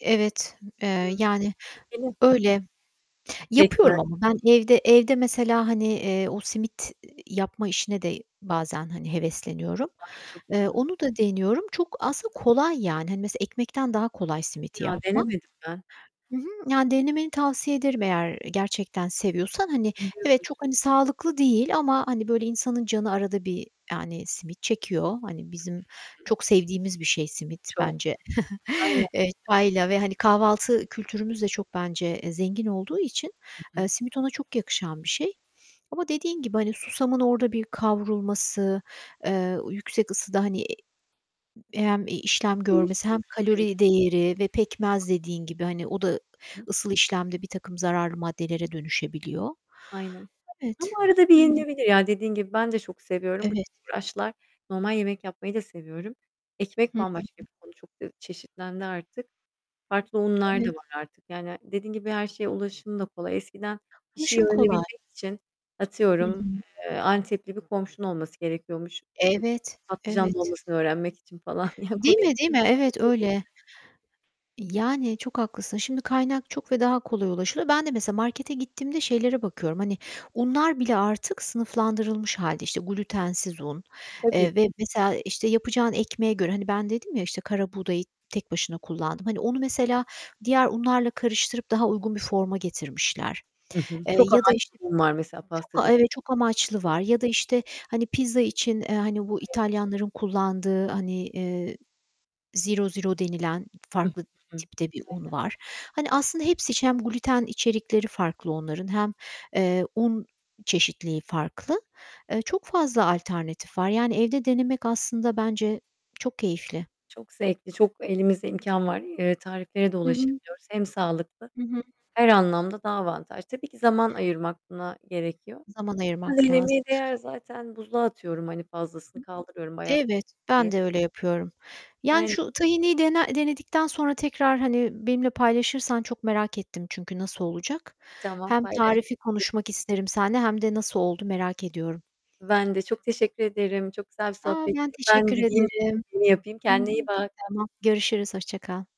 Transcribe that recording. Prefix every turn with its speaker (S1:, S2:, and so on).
S1: Evet, eee,
S2: Hı.
S1: yani,
S2: Benim.
S1: öyle.
S2: Pekmez.
S1: Yapıyorum ama ben evde evde mesela, hani, eee, o simit, ııı, yapma işine de bazen, hani, hevesleniyorum.
S2: Ay, çok
S1: Eee,
S2: güzel!
S1: onu da deniyorum. Çok aslında, kolay, yani, hani, mesela, ekmekten daha kolay simit
S2: Ya,
S1: yapmak.
S2: denemedim ben.
S1: Hı hı. Yani denemeni tavsiye ederim eğer gerçekten seviyorsan. Hani, evet,
S2: Seviyoruz.
S1: çok, hani, sağlıklı değil ama, hani, böyle, insanın canı arada bir, yani, simit çekiyor. Hani, bizim çok sevdiğimiz bir şey simit
S2: Çok.
S1: bence.
S2: Aynen.
S1: Eee, çayla ve, hani, kahvaltı kültürümüz de çok bence, eee, zengin olduğu için,
S2: Hı hı.
S1: eee, simit ona çok yakışan bir şey ama dediğin gibi, hani, susamın orada bir kavrulması, eee, o yüksek ısıda, hani, hem, e, işlem görmesi hem
S2: Değişiyormuş, aynen.
S1: kalori değeri ve pekmez dediğin gibi, hani, o da, ııı,
S2: Hı.
S1: ısıl işlemde birtakım zararlı maddelere dönüşebiliyor.
S2: Aynen
S1: Evet.
S2: ama arada bir
S1: Hı hı.
S2: yenilebilir. Ya, dediğin gibi, ben de çok seviyorum. Bu
S1: Evet.
S2: uğraşlar normal yemek yapmayı da seviyorum. Ekmek
S1: Hı hı.
S2: bambaşka bir konu. Çok da çeşitlendi artık. Farklı unlar da
S1: Evet.
S2: var artık. Yani, ha dediğin gibi, her şeye ulaşım da kolay. Eskiden bir şeyi
S1: Ulaşım kolay.
S2: öğrenebilmek için
S1: Hı
S2: atıyorum,
S1: hı.
S2: eee, Antep'li bir komşun olması gerekiyormuş, işte,
S1: Evet.
S2: patlıcan
S1: Evet.
S2: dolmasını öğrenmek için falan. Ya, komik. Şu
S1: Değil
S2: an öyle değil.
S1: mi, değil mi? Evet, öyle. Yani, çok haklısın. Şimdi kaynak çok ve daha kolay ulaşılıyor. Ben de mesela markete gittiğimde şeylere bakıyorum, hani unlar bile artık sınıflandırılmış hâlde, işte, glutensiz un,
S2: Tabii.
S1: eee, ve, mesela, işte, yapacağın ekmeğe göre, hani, ben dedim ya, işte, karabuğdayı tek başına kullandım. Hani, onu, mesela, diğer unlarla karıştırıp daha uygun bir forma getirmişler,
S2: Hı hı.
S1: eee,
S2: Çok
S1: ya da,
S2: amaçlı
S1: işte,
S2: bunlar, mesela,
S1: çok, a
S2: pastacı
S1: Evet, çok amaçlı
S2: [unintelligible]
S1: var ya da, işte, hani, pizza için, eee, hani, bu
S2: [unintelligible]
S1: İtalyanların kullandığı, hani, eee, zero zero denilen farklı tipte bir un var.
S2: [unintelligible]
S1: Hani, aslında, hepsi için hem gluten içerikleri farklı onların hem, eee, un çeşitliliği farklı. Eee, çok fazla alternatif var, yani, evde denemek aslında, bence çok keyifli.
S2: Çok zevkli, çok elimizde imkân var. Iıı, tarifleri de
S1: Hı hı.
S2: ulaşabiliyoruz. Hem sağlıklı
S1: Hı hı.
S2: her anlamda daha avantaj. Tabii ki zaman ayırmak buna gerekiyor.
S1: Zaman ayırmak
S2: Denemeye
S1: lazım.
S2: değer, zaten buzluğa atıyorum, hani, fazlasını kaldırıyorum bayatlamasın
S1: Evet,
S2: diye.
S1: ben de öyle yapıyorum, yani,
S2: Aynen.
S1: şu tahinliyi dene denedikten sonra tekrar, hani, benimle paylaşırsan çok merak ettim çünkü nasıl olacak?
S2: Tamam.
S1: Hem
S2: Paylaş.
S1: tarifi
S2: [unintelligible]
S1: konuşmak isterim seninle hem de nasıl oldu merak ediyorum.
S2: Ben de çok teşekkür ederim. Çok güzel bir
S1: A!
S2: sohbetti.
S1: Ben
S2: Ben
S1: teşekkür
S2: gideyim
S1: ederim.
S2: [unintelligible] yapayım.
S1: Hı hı.
S2: Kendine iyi bak.
S1: Tamam. Görüşürüz. Hoşça kal.